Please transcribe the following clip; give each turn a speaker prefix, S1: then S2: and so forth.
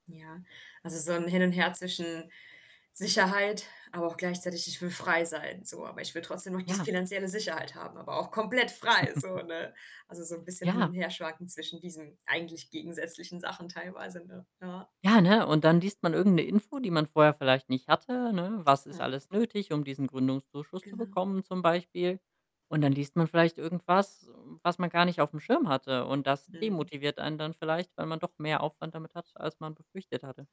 S1: Ja. Also, so 'n Hin und Her zwischen Sicherheit, aber auch gleichzeitig: „Ich will frei sein,“ so. „Aber ich will trotzdem noch die
S2: Ja.
S1: finanzielle Sicherheit haben, aber auch komplett frei“, so, ne? Also, so 'n bisschen hin und
S2: Ja.
S1: herschwanken zwischen diesen eigentlich gegensätzlichen Sachen teilweise, ne? Ja.
S2: Ja, ne, und dann liest man irgend 'ne Info, die man vorher vielleicht nicht hatte, ne? Was ist
S1: [unintelligible]
S2: alles nötig, um diesen Gründungszuschuss zu
S1: Genau.
S2: bekommen zum Beispiel? Und dann liest man vielleicht irgendwas, hm, was man gar nicht aufm Schirm hatte und das
S1: Mhm.
S2: demotiviert einen dann vielleicht, weil man doch mehr Aufwand damit hat, als man befürchtet hatte.